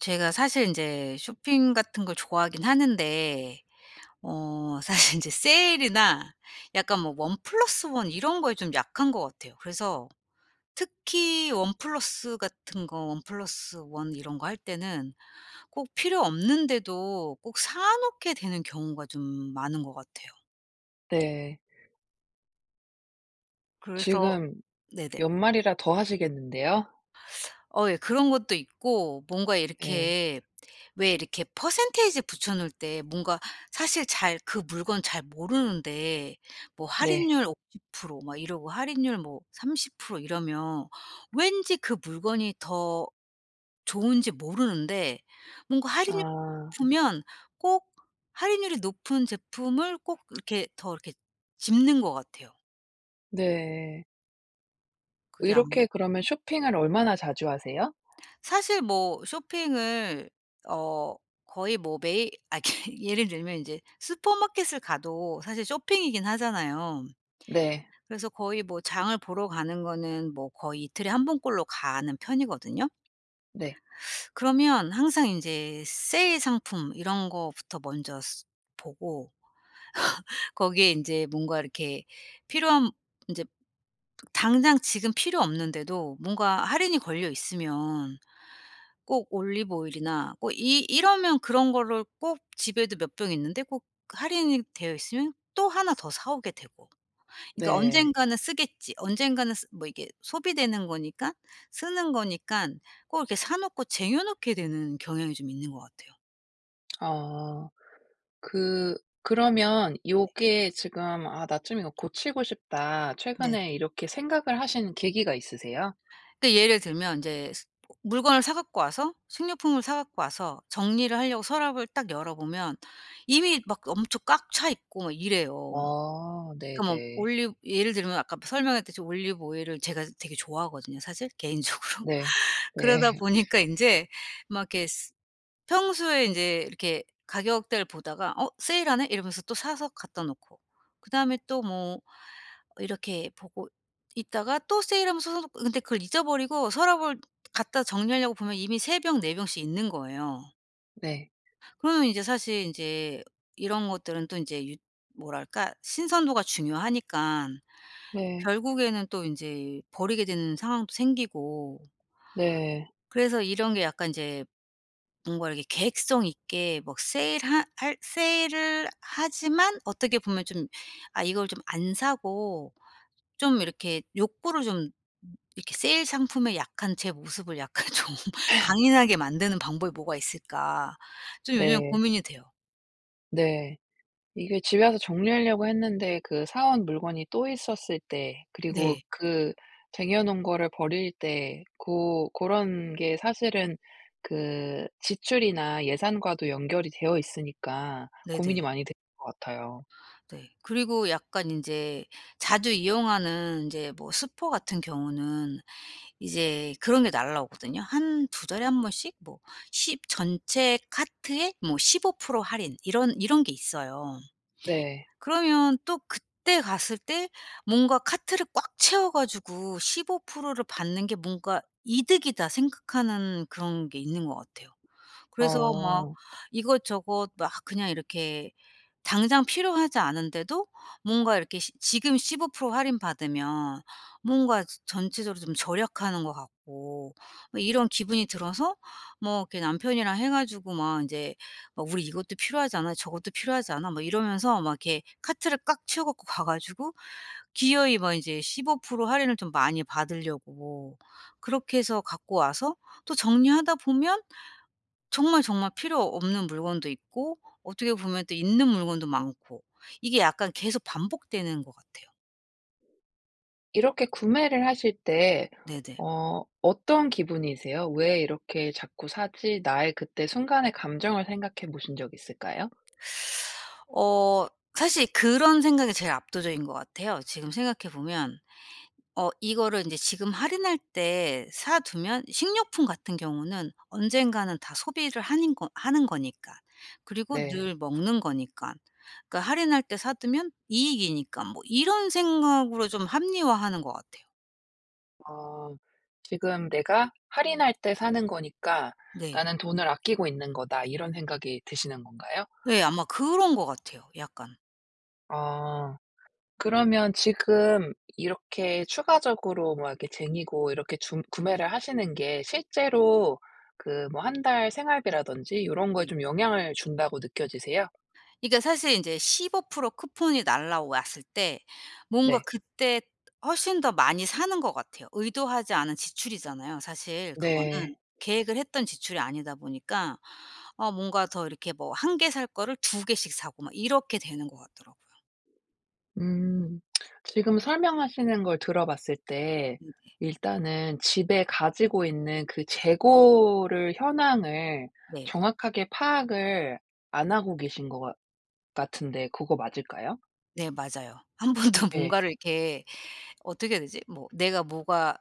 제가 사실 인제 쇼핑 같은 걸 좋아하긴 하는데 어 사실 인제 세일이나 약간 뭐 원 플러스 원 이런 거에 좀 약한 것 같아요. 그래서 특히 원 플러스 같은 거 원 플럿 원 이런 거 할 때는 꼭 필요 없는데도 꼭 사놓게 되는 경우가 좀 많은 것 같아요. 네. 그래서 지금 네네. 연말이라 더 하시겠는데요? 어 예. 그런 것도 있고, 뭔가 예. 이렇게 왜 이렇게 percentage 붙여놓을 때 뭔가 사실 잘 그 물건 잘 모르는데 뭐 네. 할인율 50% 막 이러고 할인율 뭐 30% 이러면 왠지 그 물건이 더 좋은지 모르는데 뭔가 할인을 해 아. 주면 꼭 할인율이 높은 제품을 꼭 이렇게 더 이렇게 집는 것 같아요. 네. 그게 아마 이렇게 그러면 쇼핑을 얼마나 자주 하세요? 사실 뭐 쇼핑을 어 거의 뭐 매일 아 그 예를 들면 인제 슈퍼마켓을 가도 사실 쇼핑이긴 하잖아요. 네. 그래서 거의 뭐 장을 보러 가는 거는 뭐 거의 이틀에 1 번 꼴로 가는 편이거든요. 네. 그러면 항상 인제 세일 상품 이런 거부터 먼저 스 보고 거기에 이제 뭔가 이렇게 필요한 이제 당장 지금 필요 없는데도 뭔가 할인이 걸려 있으면 꼭 올리브 오일이나 꼭 이 이러면 그런 거를 꼭 집에도 몇 병 있는데 꼭 할인이 되어 있으면 또 하나 더 사 오게 되고. 그러니까 네. '언젠가는 쓰겠지.' 언젠가는 쓰 뭐 이게 소비되는 거니까, 쓰는 거니깐 꼭 이렇게 사 놓고 쟁여 놓게 되는 경향이 좀 있는 것 같아요. 어. 그 그러면 요게 지금 '아 나 좀 이거 고치고 싶다.' 네네. 최근에 이렇게 생각을 하시는 계기가 있으세요? 근데 예를 들면 이제 스 뭐 물건을 사 갖고 와서 식료품을 사 갖고 와서 정리를 하려고 서랍을 딱 열어보면 이미 막 엄청 꽉 차 있고 막 이래요. 어 그러니까 뭐 네네. 올리브 예를 들면 아까 프 설명했듯이 올리브 오일을 제가 되게 좋아하거든요 사실 개인적으로. 네. 그러다 네. 보니까 인제 막 이렇게 스 평소에 인제 이렇게 가격대를 보다가 '어 세일하네.' 이러면서 또 사서 갖다 놓고. 그다음에 또 뭐 이렇게 보고 있다가 또 세일하면 사다 놓고 근데 그걸 잊어버리고 서랍을 갖다 정리하려고 보면 이미 3 병, 4 병씩 있는 거예요. 네. 그러면 이제 사실 인제 이런 것들은 또 인제 유 뭐랄까 신선도가 중요하니깐 네. 결국에는 또 인제 버리게 되는 상황도 생기고 네. 그래서 이런 게 약간 이제 뭔가 이렇게 계획성 있게 막 세일하 할 세일을 하지만 어떻게 보면 좀 아 이걸 좀 안 사고 좀 이렇게 욕구를 좀 음 이렇게 '세일 상품에 약한 제 모습을 약간 좀 강인하게 만드는 방법이 뭐가 있을까.' 좀 요즘 네. 고민이 돼요. 네. 이게 집에 와서 정리하려고 했는데 그 사 온 물건이 또 있었을 때 그리고 네. 그 쟁여 놓은 거를 버릴 때 고 고런 게 사실은 그 지출이나 예산과도 연결이 되어 있으니까 고민이 네네. 많이 되는 것 같아요. 네. 그리고 약간 인제 자주 이용하는 인제 뭐 슈퍼 같은 경우는 이제 그런 게 날아오거든요. 한 2 달에 1 번씩 뭐 십 전체 카트에 뭐 15% 할인 이런 이런 게 있어요. 네. 그러면 또 그때 갔을 때 뭔가 '카트를 꽉 채워 가지고 15%를 받는 게 뭔가 이득이다.' 생각하는 그런 게 있는 것 같아요. 그래서 막 어. 이것저것 막 그냥 이렇게 당장 필요하지 않은데도 뭔가 이렇게 시 지금 15% 할인 받으면 뭔가 저 전체적으로 좀 절약하는 거 같고 뭐 이런 기분이 들어서 뭐 이렇게 남편이랑 해 가지고 막 인제 막 "우리 이것도 필요하지 않아? 저것도 필요하지 않아?" 막 이러면서 막 이렇게 카트를 꽉 채워 갖고 가 가지고 기어이 막 인제 15% 할인을 좀 많이 받으려고 그렇게 해서 갖고 와서 또 정리하다 보면 정말 정말 필요 없는 물건도 있고 어떻게 보면 또 있는 물건도 많고 이게 약간 계속 반복되는 것 같아요. 이렇게 구매를 하실 때 네 네. 어 어떤 기분이세요? '왜 이렇게 자꾸 사지?' 나의 그 때 순간의 감정을 생각해 보신 적 있을까요? 어 사실 그런 생각이 제일 압도적인 것 같아요. 지금 생각해보면 '어 이거를 이제 지금 할인할 때 사 두면 식료품 같은 경우는 언젠가는 다 소비를 하는 거 하는 거니까 그리고 네. 늘 먹는 거니까. 그러니까 할인할 때 사두면 이익이니까.' 뭐 이런 생각으로 좀 합리화하는 것 같아요. 어 '지금 내가 할인할 때 사는 거니까 네. 나는 돈을 아끼고 있는거다.' 이런 생각이 드시는 건가요? 네 아마 그런 것 같아요 약간. 아. 그러면 지금 이렇게 추가적으로 막 이렇게 쟁이고 이렇게 중 구매를 하시는 게 실제로 그 뭐 1 달 생활비라든지 요런 거에 네. 좀 영향을 준다고 느껴지세요? 그니까 사실 이제 15% 쿠폰이 날아왔을 때 뭔가 네. 그때 훨씬 더 많이 사는 것 같아요. 의도하지 않은 지출이잖아요 사실 그거는. 네. 계획을 했던 지출이 아니다 보니까 아 뭔가 더 이렇게 뭐 1 개 살 거를 2 개씩 사고 막 이렇게 되는 것 같더라고요. 음, 지금 설명하시는 걸 들어봤을 때 음 네. 일단은 집에 가지고 있는 그 재고를 현황을 네. 정확하게 파악을 안 하고 계신 것 같 같은데 그거 맞을까요? 네, 맞아요. 1 번도 예. 뭔가를 이렇게 어떻게 해야 되지? 뭐 내가 뭐가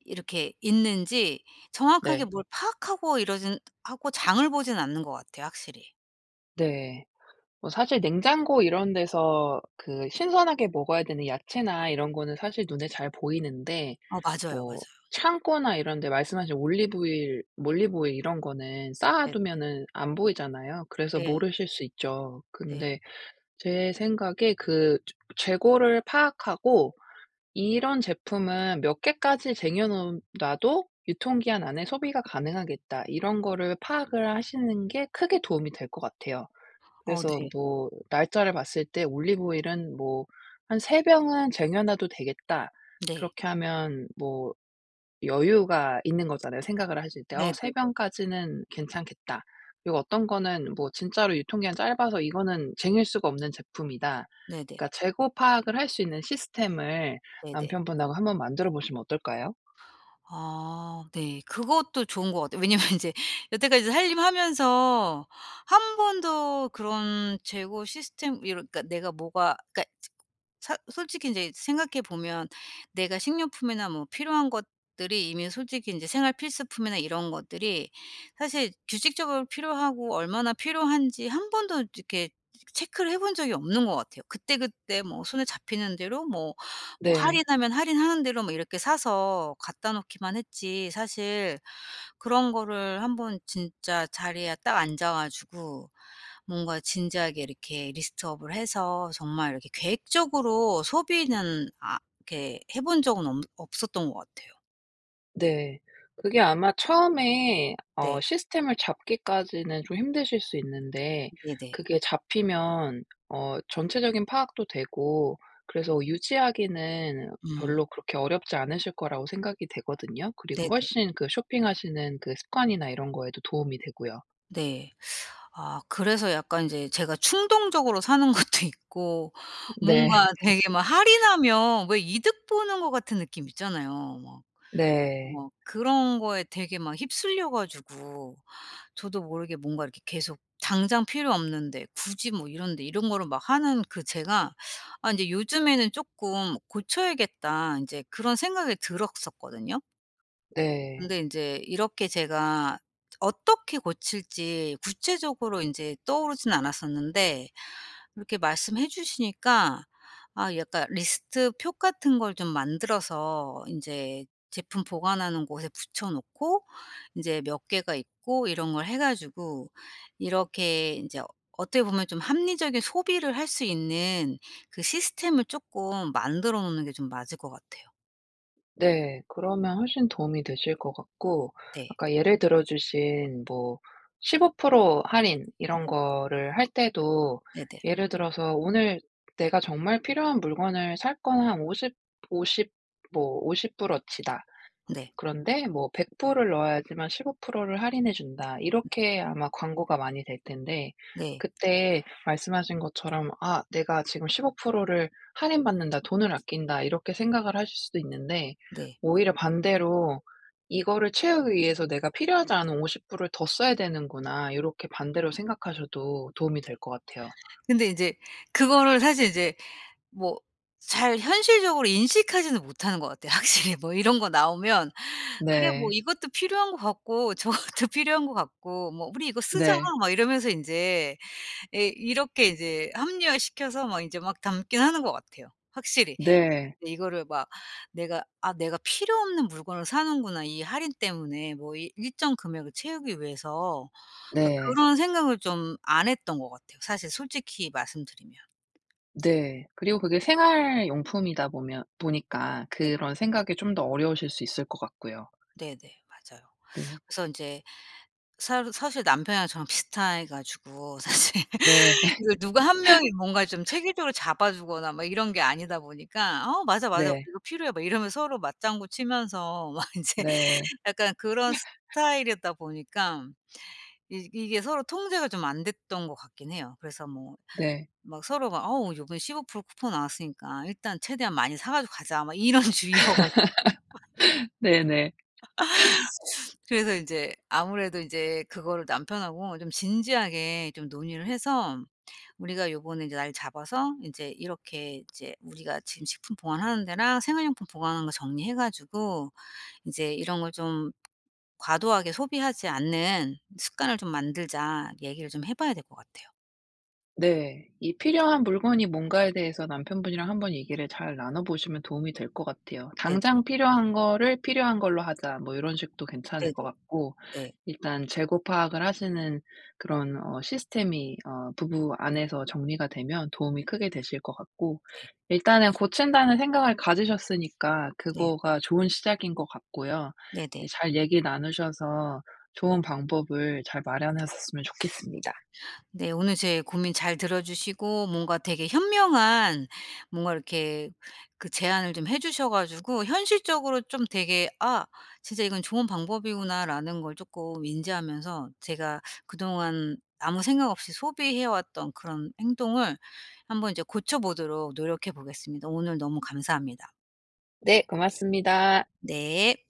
이렇게 있는지 정확하게 네. 뭘 파악하고 이러지는 하고 장을 보지는 않는 것 같아요, 확실히. 네. 뭐 사실 냉장고 이런 데서 그 신선하게 먹어야 되는 야채나 이런 거는 사실 눈에 잘 보이는데 어 맞아요. 뭐 맞아요. 창고나 이런 데 말씀하신 올리브 오일 올리브 오일 이런 거는 쌓아 네. 두면은 안 보이잖아요. 그래서 네. 모르실 수 있죠. 네. 근데 제 생각에 그 저 재고를 파악하고 이런 제품은 몇 개까지 쟁여 놓은 놔도 유통 기한 안에 소비가 가능하겠다. 이런 거를 파악을 하시는 게 크게 도움이 될 것 같아요. 어 그래서 네. 뭐 날짜를 봤을 때 '올리브 오일은 뭐 한 3 병은 쟁여 놔도 되겠다.' 네. 그렇게 하면 뭐 여유가 있는 거잖아요, 생각을 하실 때. 어 '3 네네네, 맞아. 병까지는 괜찮겠다.' 그리고 어떤 거는 뭐 진짜로 '유통 기한이 짧아서 이거는 쟁일 수가 없는 제품이다.' 네네. 그러니까 재고 파악을 할 수 있는 시스템을 네네. 남편분하고 한번 만들어 보시면 어떨까요? 아 네. 그것도 좋은 것 같아요. 왜냐하면 인제 여태까지 살림하면서 1 번도 그런 재고 시스템 이런 그러니까 내가 뭐가 그러니까 츠 사 솔직히 인제 생각해 보면 내가 식료품이나 뭐 필요한 것들이 이미 솔직히 인제 생활 필수품이나 이런 것들이 사실 규칙적으로 필요하고 얼마나 필요한지 1 번도 이렇게 체크를 해본 적이 없는 것 같아요. 그때그때 뭐 손에 잡히는 대로 뭐 뭐 네. 할인하면 할인하는 대로 뭐 이렇게 사서 갖다 놓기만 했지 사실 그런 거를 한번 진짜 자리에 딱 앉아 가지고 뭔가 진지하게 이렇게 리스트 업을 해서 정말 이렇게 계획적으로 소비는 아 이렇게 해본 적은 없 없었던 것 같아요. 네. 그게 아마 처음에 어 네. 시스템을 잡기까지는 좀 힘드실 수 있는데 네네. 그게 잡히면 어 전체적인 파악도 되고 그래서 유지하기는 음. 별로 그렇게 어렵지 않으실 거라고 생각이 되거든요. 그리고 네네. 훨씬 그 쇼핑하시는 그 습관이나 이런 거에도 도움이 되고요. 네. 아 그래서 약간 이제 제가 충동적으로 사는 것도 있고. 네. 뭔가 되게 막 할인하면 왜 이득 보는 거 같은 느낌 있잖아요. 막 네. 뭐 그런 거에 되게 막 휩쓸려 가지고 저도 모르게 뭔가 이렇게 계속 당장 필요 없는데 굳이 뭐 이런데 이런 거를 막 하는 그 제가 아 이제 요즘에는 '조금 고쳐야겠다.' 인제 그런 생각이 들었었거든요. 네. 근데 인제 이렇게 제가 어떻게 고칠지 구체적으로 인제 떠오르진 않았었는데 이렇게 말씀해 주시니까 아 약간 리스트 표 같은 걸 좀 만들어서 인제 제품 보관하는 곳에 붙여 놓고 이제 몇 개가 있고 이런 걸 해 가지고 이렇게 인제 어떻게 보면 좀 합리적인 소비를 할 수 있는 그 시스템을 조금 만들어 놓는 게 좀 맞을 것 같아요. 네. 그러면 훨씬 도움이 되실 것 같고 네. 아까 예를 들어주신 뭐 15% 할인 이런 네. 거를 할 때도 네네. 예를 들어서 '오늘 내가 정말 필요한 물건을 살 건 한 오십, 오십 뭐 $50 어치다. 네. 그런데 뭐 $100 을 넣어야지만 15% 를 할인해 준다.' 네. 이렇게 아마 광고가 많이 될 텐데 네. 그때 말씀하신 것처럼 '아 내가 지금 15% 를 할인 받는다. 돈을 아낀다.' 이렇게 생각을 하실 수도 있는데 네. 오히려 반대로 '이거를 채우기 위해서 내가 필요하지 않은 $50 을 더 써야 되는구나.' 요렇게 반대로 생각하셔도 도움이 네. 될 것 같아요. 근데 인제 그거를 사실 이제 뭐 잘 현실적으로 인식하지는 못하는 것 같아요, 확실히. 뭐 이런 거 나오면 "그래. 뭐 네. 이것도 필요한 것 같고 저것도 필요한 것 같고." 뭐 "우리 이거 쓰자." 네. 막 이러면서 인제 예 이렇게 이제 합리화시켜서 막 이제 막 담긴 하는 것 같아요 확실히. 네. 근데 이거를 막 '내가 아 내가 필요 없는 물건을 사는구나. 이 할인 때문에 뭐 이 일정 금액을 채우기 위해서.' 그러니까 네. 그런 생각을 좀 안 했던 것 같아요, 사실 솔직히 말씀드리면. 네. 그리고 그게 생활용품이다 보면 보니까 네. 그런 생각이 좀 더 어려우실 수 있을 것 같고요. 네 네. 맞아요. 네. 그래서 인제 사르 사실 남편이랑 저랑 비슷해 가지고 사실 네. 이걸 누가 1 명이 뭔가 좀 체계적으로 잡아 주거나 막 이런 게 아니다 보니까 "어 맞아, 맞아. 네. 우리 이거 필요해." 막 이러면 서로 맞장구치면서 막 인제 네. 약간 그런 스타일이었다 보니까 이 이게 서로 통제가 좀 안 됐던 것 같긴 해요. 그래서 뭐 네. 막 서로 막 "어 요번에 15% 쿠폰 나왔으니까 일단 최대한 많이 사 가지고 가자." 막 이런 주의여 가지고. 네 네. 그래서 인제 아무래도 인제 그거를 남편하고 좀 진지하게 좀 논의를 해서 "우리가 요번에 인제 날 잡아서 인제 이렇게 이제 우리가 지금 식품 보관하는 데랑 생활용품 보관하는 거 정리해 가지고 이제 이런 걸 좀 과도하게 소비하지 않는 습관을 좀 만들자." 얘기를 좀 해 봐야 될 것 같아요. 네. 이 필요한 물건이 뭔가에 대해서 남편분이랑 한번 얘기를 잘 나눠보시면 도움이 될 것 같아요. 네. "당장 필요한 거를 필요한 걸로 하자." 뭐 요런 식도 괜찮을 네네. 것 같고 예. 일단 재고 파악을 하시는 그런 어 시스템이 어 부부 안에서 정리가 되면 도움이 네네. 크게 되실 것 같고 네. 일단은 고친다는 생각을 가지셨으니까 네. 그거가 좋은 시작인 것 같고요. 예 네네. 잘 얘기 나누셔서 좋은 방법을 잘 마련하셨으면 좋겠습니다. 네. 오늘 제 고민 잘 들어 주시고 뭔가 되게 현명한 뭔가 이렇게 그 제안을 좀 해 주셔 가지고 현실적으로 좀 되게 '아 진짜 이건 좋은 방법이구나.'라는 걸 쪼끔 인지하면서 제가 그동안 아무 생각 없이 소비해 왔던 그런 행동을 한번 이제 고쳐보도록 노력해 보겠습니다. 오늘 너무 감사합니다. 네 고맙습니다. 네.